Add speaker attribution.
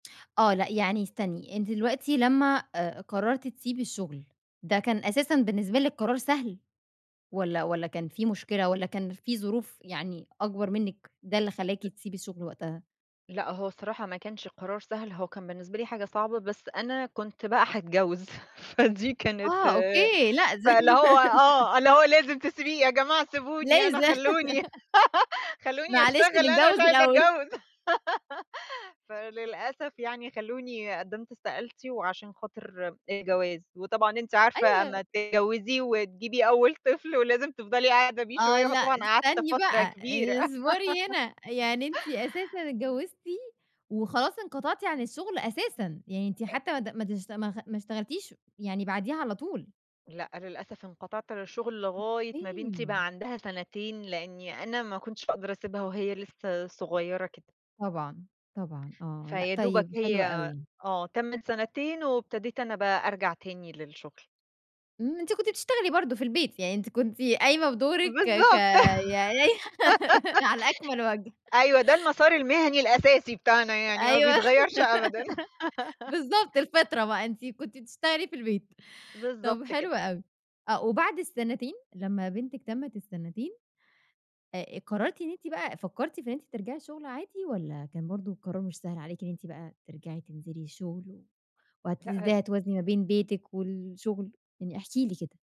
Speaker 1: آه لأ يعني استني، أنتِ دلوقتي لمّا آآ قرّرتِ تسيبي الشغل، ده كان أساسًا بالنسبة لِك قرار سهل، والّا والّا كان في مشكلة، والّا كان في ظروف يعني أكبر منِّك، ده اللي خلّاكِ تسيبي الشغل وقتها؟
Speaker 2: لأ هو الصراحة ما كانش القرار سهل، هو كان بالنسبة لي حاجة صعبة، بس أنا كنت بقى هاتجوّز، فدي كانت،
Speaker 1: آه أوكي، لاز
Speaker 2: فاللي هو آه اللي هو لازم تسيبيه يا جماعة سيبوني أنا
Speaker 1: لازم.
Speaker 2: خَلّونِي، خَلّونِي
Speaker 1: معلش
Speaker 2: أشتغل أنا مش
Speaker 1: نتجوّز
Speaker 2: عايزة
Speaker 1: الأول.
Speaker 2: اتجوّز، فللأسف يعني خَلّونِي قدّمت استقالتي وعشان خاطر الجواز، وطبعًا أنتِ عارفة
Speaker 1: أيوه.
Speaker 2: أمّا تتجوّزي وتجيبي أول طفل، ولازم تفضلي قاعدة بيه
Speaker 1: آه
Speaker 2: شوية
Speaker 1: لأ
Speaker 2: فطبعًا قعدت
Speaker 1: استني
Speaker 2: فترة
Speaker 1: بقى،
Speaker 2: كبيرة.
Speaker 1: اصبري هنا، يعني أنتِ أساسًا اتجوّزتِ وخلاص انقطعتِ عن الشغل أساسًا، يعني أنتِ
Speaker 2: أ
Speaker 1: حتّى ما د ما تش ما خ ما اشتغلتيش يعني بعديها على طول؟
Speaker 2: لأ للأسف انقطعت عن الشغل لغاية ما بنتي
Speaker 1: أوكي.
Speaker 2: بقى عندها سنتين، لإنّي أنا ما كنتش هاقدر أسيبها وهي لسّه صغيّرة كده.
Speaker 1: طبعًا، طبعًا آه، لأ
Speaker 2: فيا دوبك
Speaker 1: طيب حلو
Speaker 2: هي
Speaker 1: أوي.
Speaker 2: آه تمّت سنتين وابتديت أنا بقى أرجع تاني للشغل.
Speaker 1: إمم أنتِ كنتِ بتشتغلي برضه في البيت، يعني أنتِ كنتِ قايمة بدورِك ك ك
Speaker 2: بالضبط.
Speaker 1: يعني على أكمل وَجه.
Speaker 2: أيوه ده المسار المهني الأساسي بتاعنا، يعني ما
Speaker 1: أيوه،
Speaker 2: بيتغيّرش أبدًا.
Speaker 1: بالضبط الفِطرة بقى، أنتِ كنتِ بتشتغلي في البيت، طَب
Speaker 2: بالضبط كده.
Speaker 1: حلو أوي، آه وبعد السنتين لمّا بنتِك تمِّت السنتين، آآ قرّرتِ إن أنتِ بقى فكّرتِ في إن أنتِ ترجعي شغل عادي، والّا كان برضه القرار مش سهل عليكِ إن أنتِ بقى ترجعي تنزلي الشغل، و وهت
Speaker 2: لأ
Speaker 1: إزاي
Speaker 2: هس
Speaker 1: هتوازني ما بين بيتِك والشغل؟ يعني احكي لي كده.